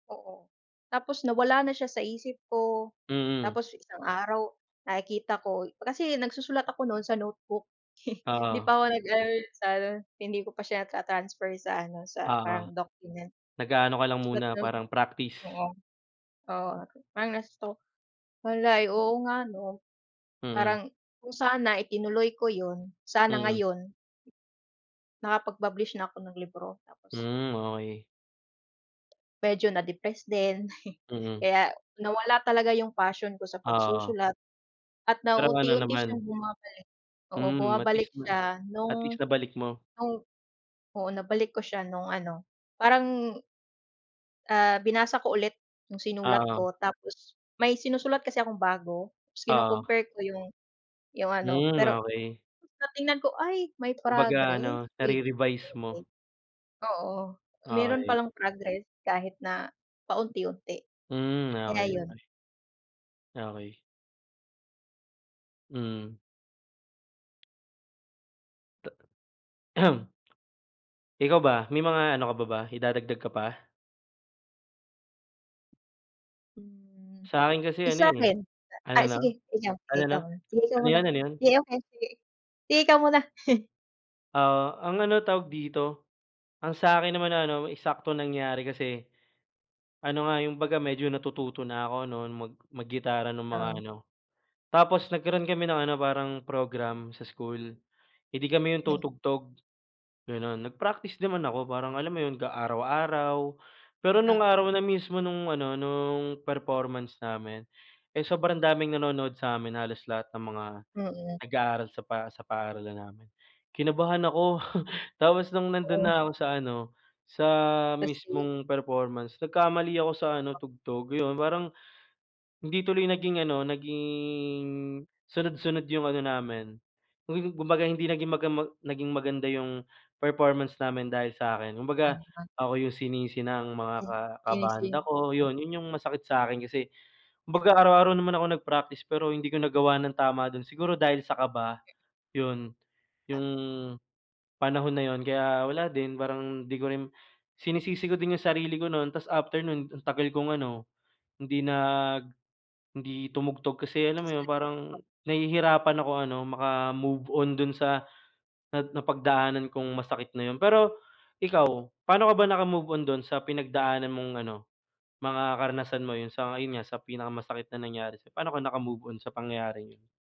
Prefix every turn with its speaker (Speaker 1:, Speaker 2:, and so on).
Speaker 1: Oo, tapos nawala na siya sa isip ko,
Speaker 2: Mm.
Speaker 1: tapos isang araw, nakikita ko kasi nagsusulat ako 'nun sa notebook hindi
Speaker 2: Oo.
Speaker 1: pa ako nag ano sa ano, hindi ko pa siya na-ta-transfer sa ano sa
Speaker 2: Oo,
Speaker 1: parang document.
Speaker 2: nag-aano ka lang
Speaker 1: Sulat
Speaker 2: muna
Speaker 1: lang
Speaker 2: parang practice.
Speaker 1: oo, oo ah parang na-stuck malay oo nga 'no?
Speaker 2: Mm.
Speaker 1: Parang kung sana itinuloy ko 'yun, sana
Speaker 2: Mm.
Speaker 1: ngayon nakapag-publish na ako ng libro tapos
Speaker 2: Hmm okey.
Speaker 1: medyo na-depress din
Speaker 2: Mm.
Speaker 1: kaya nawala talaga yung passion ko sa
Speaker 2: Oo.
Speaker 1: pagsusulat at
Speaker 2: Pero ano
Speaker 1: nauunti-unti siyang
Speaker 2: naman.
Speaker 1: bumabalik, oo
Speaker 2: Mhm at
Speaker 1: bumabalik
Speaker 2: least ma
Speaker 1: siya
Speaker 2: at least
Speaker 1: nung
Speaker 2: nabalik mo.
Speaker 1: nung oo nabalik ko siya nung ano parang, ah binasa ko ulit yung sinulat
Speaker 2: Oo.
Speaker 1: ko tapos may sinusulat kasi akong bago tapos
Speaker 2: Oo.
Speaker 1: kino-compare ko yung yung ano
Speaker 2: Hmm
Speaker 1: pero
Speaker 2: okey.
Speaker 1: ng tignan ko ay may
Speaker 2: Kumbaga ano,
Speaker 1: progress with
Speaker 2: nare-revise mo.
Speaker 1: improvement, oo, meron pa
Speaker 2: Okey.
Speaker 1: lang progress kahit na paunti-unti,
Speaker 2: Hmm
Speaker 1: kaya
Speaker 2: okey,
Speaker 1: 'yun.
Speaker 2: okey. Okey. Mm. Ta Ikaw ba may mga ano ka pa ba idadagdag ka pa?
Speaker 1: Hmm,
Speaker 2: Sakin kasi ano
Speaker 1: isa
Speaker 2: eh
Speaker 1: rin na
Speaker 2: ano
Speaker 1: ay
Speaker 2: ano?
Speaker 1: sige ikaw sige
Speaker 2: Ano ano?
Speaker 1: ikaw muna sige ikaw
Speaker 2: Ano 'yun,
Speaker 1: muna,
Speaker 2: ano 'yun?
Speaker 1: sige okay sige, sige ikaw muna!
Speaker 2: Oo ang ano tawag dito ang sakin naman na ano eksaktong nangyari kasi, ano nga yung baga medyo natututo na ako ano mag mag gitara ng mga
Speaker 1: Oo.
Speaker 2: ano. Tapos nagkaroon kami ng ano parang program sa school eh di kami 'yong
Speaker 1: Mm.
Speaker 2: tutugtog ganun nag-practice naman ako parang alam mo 'yon ka araw-araw pero nung
Speaker 1: O
Speaker 2: araw na mismo nung ano nung performance namin eh sobrang daming nanonood samin halos lahat ng mga
Speaker 1: Mm.
Speaker 2: nag-aaral sa pa sa paaralan namin. Kinabahan ako tapos nung nandun
Speaker 1: Oo.
Speaker 2: na ako sa ano sa
Speaker 1: Kasi.
Speaker 2: mismong performance nagkamali ako sa ano
Speaker 1: Ah.
Speaker 2: tugtog 'yun parang, hindi tuloy naging ano naging sunod-sunod yung ano namin kum kumbaga hindi naging maga ma naging maganda yung performance namin dahil sa akin kumbaga
Speaker 1: Ano an.
Speaker 2: ako yung sinisi ng mga
Speaker 1: Ay
Speaker 2: ka
Speaker 1: sinisi
Speaker 2: kabanda ko
Speaker 1: m
Speaker 2: yun, yun yung masakit sa akin kasi
Speaker 1: Et
Speaker 2: kumbaga araw-araw naman ako nag-practice pero hindi ko nagawa ng tama do'n siguro dahil sa kaba. 'Yun,
Speaker 1: A
Speaker 2: 'yong panahon na yun kaya wala din parang hindi ko rin sinisisi ko din yung sarili ko no'n tapos after nun ang tagal kong ano hindi nag hindi tumugtog kasi alam mo yun parang
Speaker 1: [unintelligible] o
Speaker 2: nahihirapan ako ano maka-move on dun sa nap napagdaanan kong masakit na yun pero, ikaw paano ka ba naka-move on dun sa pinagdaanan mong ano mga karanasan mo 'yun sa ayun nga sa pinaka masakit na nangyari sa'yo, paano ka naka-move on sa pangyayaring 'yun?